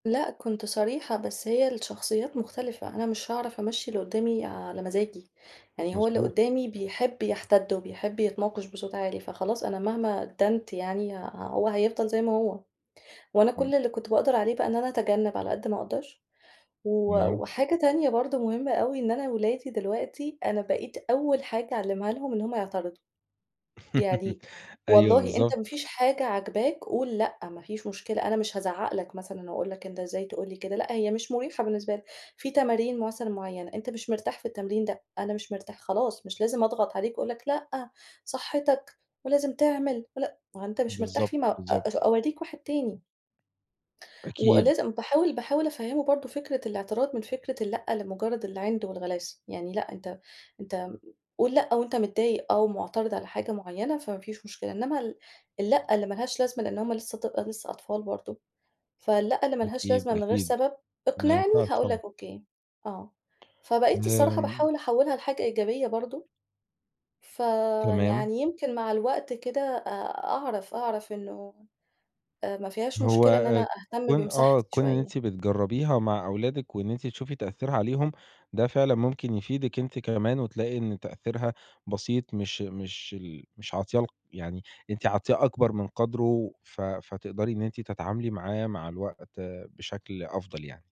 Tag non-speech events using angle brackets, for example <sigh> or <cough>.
لأ كُنت صريحة، بس هي الشخصيات مختلفة، أنا مش هاعرف أمَشّي اللي قُدّامي على مزاجي، يعني هو اللي مضبوط. قُدّامي بيحب يحتَد، وبيحب يتناقش بصوت عالي، فخلاص أنا مهما أدّنت يعني هو هيفضل زي ما هو. وأنا إمم. كل اللي كُنت باقدر عليه بقى إن أنا أتجنب على قد ما أقدر، و تمام. وحاجة تانية برضه مهمة أوي إن أنا ولادي دلوقتي، أنا بقيت أول حاجة أعلّمها لهم إن هُم يعترضوا، <laughs> يعني أيوه، والله أنت ما بالضبط. فيش حاجة عاجباك قُل لأ، ما فيش مشكلة، أنا مش هازَعّق لك مثلًا، وأقول لك: "أنت إزاي تقول لي كده؟" لأ، هي مش مُريحة بالنسبة لك، في تمارين مثلًا مُعينة، أنت مش مرتاح في التمرين ده، "أنا مش مرتاح." خلاص مش لازم أضغط عليك وأقول لك: "لأ، صحتك، ولازم تعمل، ول" ما هو أنت مش مرتاح فيه م بالضبط، أ بالضبط. أورِّيك واحد تاني. وأ أكيد. لازم باحاول باحاول أفَهِّمه برضه فكرة الاعتراض من فكرة اللأ لمجرد العِند والغلاسة، يعني لأ أنت أنت قُل لأ وأنت متضايق آه، ومُعترض على حاجة معينة، فما فيش مشكلة. إنّما ال اللأ اللي ما لهاش لازمة، لأن هُم لسه ط لسه أطفال برضه، فاللأ اللي ما لهاش أكيد، لازمة من غير أكيد، سبب، ما اقنِعني ينفعش هاقول لك طبعًا. أوكي، آه. فبَقيت لا الصراحة آمم. باحاول أحوِّلها لحاجة إيجابية برضه، تمام. فيعني يمكن مع الوقت كده، آآ، أعرف، أعرف إنه، آآ، ما فيهاش هو، مشكلة إن آآ، أنا أهتم كون آه، بمساحتي كون إن شوية. أنتِ بتجرّبيها مع أولادِك، وإن أنتِ تشوفي تأثيرها عليهم، ده فعلًا ممكن يفيدِك أنتِ كمان، وتلاقي إن تأثيرها بسيط، مش مش ال مش عاطياه ال يعني أنتِ عاطياه أكبر من قدره ف فتقدري إن أنتِ تتعاملي معاه مع الوقت بشكل أفضل يعني.